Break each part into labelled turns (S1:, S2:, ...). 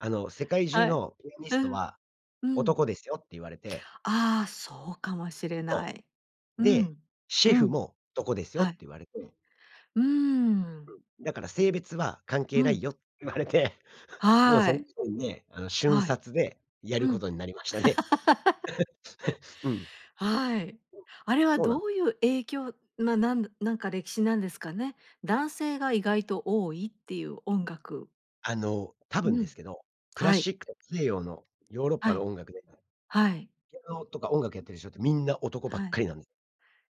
S1: あの、「世界中
S2: はい。
S1: のピアニ
S2: う
S1: スト
S2: ん。
S1: は
S2: うん。
S1: 男ですよ」って言われて。
S2: ああ、そうかもしれな
S1: そ
S2: い。
S1: う。
S2: う
S1: で、
S2: ん、
S1: 「シ
S2: う
S1: ェフ
S2: ん。
S1: も男ですよ」っ
S2: は
S1: て
S2: い。
S1: 言われて。
S2: うー
S1: う
S2: ん。
S1: ん。だから「性別は関
S2: う
S1: 係ない
S2: ん。
S1: よ」って言われて、もう
S2: は
S1: その
S2: い。
S1: 時にね、あの、瞬
S2: はい、
S1: 殺でや
S2: う
S1: るこ
S2: ん。
S1: とになりましたね。うん。
S2: はい。
S1: うん。
S2: あれは
S1: そうなん
S2: ど
S1: です。
S2: ういう影響、ま、なんだなんか歴史なんですかね。男性が意外と多いっていう音楽。
S1: あの、多分
S2: う
S1: で
S2: ん、
S1: すけど、クラ
S2: は
S1: シ
S2: い。
S1: ック西洋のヨーロッ
S2: は
S1: パの
S2: い。
S1: 音楽で、
S2: はい。
S1: ピアノとか音楽やってる人ってみんな男ばっ
S2: はい。
S1: かりなんで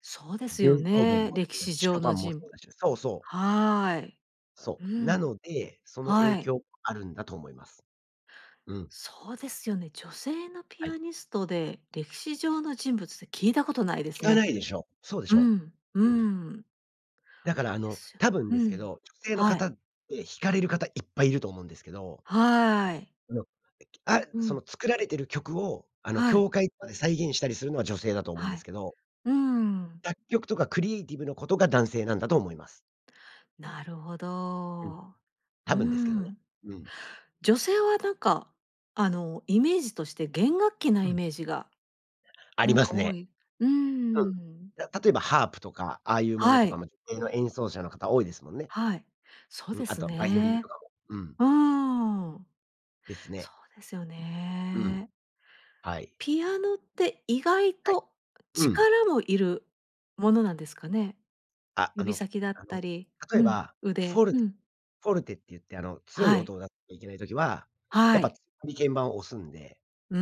S2: そうです
S1: ベ
S2: よ
S1: ートーベン
S2: ね、
S1: もそ
S2: 歴
S1: うだ
S2: 史
S1: し、ショ
S2: 上
S1: パ
S2: の
S1: ンもそ
S2: 人
S1: う
S2: ぶ
S1: だし。そうそう。
S2: はい。
S1: そ
S2: う
S1: う、な
S2: ん。
S1: ので、その
S2: は
S1: 影
S2: い。
S1: 響あるんだと思います。うん。
S2: そうですよね。女性のピ
S1: は
S2: ア
S1: い。
S2: ニストで、歴史上の人物って聞いたことないです
S1: 聞か
S2: ね。
S1: ないでしょ。そうでし
S2: う
S1: ょ。
S2: んう
S1: うん。
S2: ーん。
S1: だからあ
S2: で
S1: の、
S2: すよ。
S1: 多分
S2: う
S1: ですけ
S2: ん。
S1: ど、女性の
S2: は
S1: 方
S2: い。
S1: って弾かれる方いっぱいいると思うんですけど
S2: はい。
S1: あの、いきあ
S2: う
S1: そ
S2: ん。
S1: の作られてる曲を、あの
S2: はい。
S1: 教会とかで再現したりするのは女性だと思うん
S2: は
S1: です
S2: い。
S1: けど
S2: うーん。
S1: 作曲とかクリエイティブのことが男性なんだと思います。
S2: なるほ
S1: うん。
S2: ど。う
S1: 多分ですけどね。
S2: ん。
S1: うん。
S2: 女性はなんか、あのイメージとして弦楽器な
S1: う
S2: イ
S1: ん。
S2: メージが、
S1: あ
S2: な
S1: り
S2: ん
S1: ま
S2: か
S1: す
S2: 多
S1: ね。
S2: い。う
S1: うん。い
S2: ん。
S1: や、例えばハープとか、ああいうもの
S2: は
S1: とか
S2: い。
S1: も女性の演奏者の方多いですもんね。
S2: はい、そう
S1: うん、
S2: で
S1: あ
S2: す
S1: とはバイオリン
S2: ね。
S1: とかも。うん。
S2: うーん。
S1: です
S2: そ
S1: ね。
S2: うですよ
S1: うん。
S2: ね。
S1: はい。
S2: ピアノって意外
S1: はい。
S2: と
S1: うん。
S2: 力もいるものなんですかね。
S1: ああ
S2: 指
S1: の
S2: 先だっ
S1: あの、
S2: たり
S1: 例
S2: う
S1: え
S2: ん、
S1: ば、
S2: 腕
S1: フォル
S2: う
S1: テ
S2: ん。
S1: フォルテって言ってあの、強い
S2: は
S1: 音
S2: い。
S1: を出いけない時は、
S2: は
S1: やっぱ
S2: い。
S1: 強めに鍵盤を押すんで。
S2: うー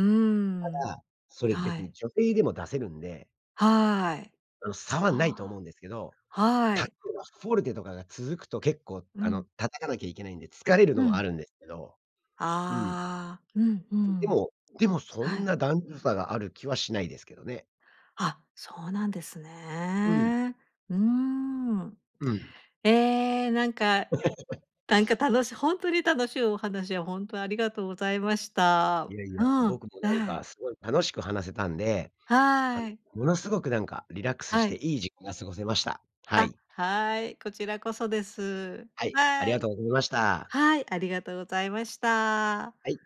S1: た
S2: ん。
S1: だ、それ
S2: は
S1: 別に
S2: い。
S1: 女性でも出せるんで
S2: はい。
S1: あの、差はないと思
S2: あ
S1: うんですけど、
S2: あ。は
S1: たと
S2: い。
S1: えばフォルテとかが続くと結構
S2: う
S1: あの、
S2: ん。
S1: 叩かなきゃいけないんで、疲れる
S2: う
S1: の
S2: ん。
S1: もあるんですけど。うん。
S2: ああ、うんう
S1: うん。で
S2: ん。
S1: もでもそ
S2: は
S1: ん
S2: い。
S1: な男女差がある気はしないですけどね。
S2: あ、そうなんです
S1: うん。
S2: ね。うーん。
S1: うん。
S2: ええ、なんか、なんか楽しいほんとに、楽しゅうお話をほんとありがとうございまし
S1: い
S2: た。
S1: やい
S2: う
S1: や、
S2: ん、
S1: 僕もなん
S2: あ
S1: か
S2: い。
S1: すごい楽しく話せたんで。あの
S2: はい。
S1: ものすごくなんかリラックスし
S2: は
S1: て
S2: い。
S1: いい時間が過ごせました。は
S2: あ、
S1: い。
S2: はい。こちらこそです。
S1: はい、あ
S2: は
S1: りが
S2: い。
S1: とうごました。
S2: はい、ありがとうございました。
S1: はい。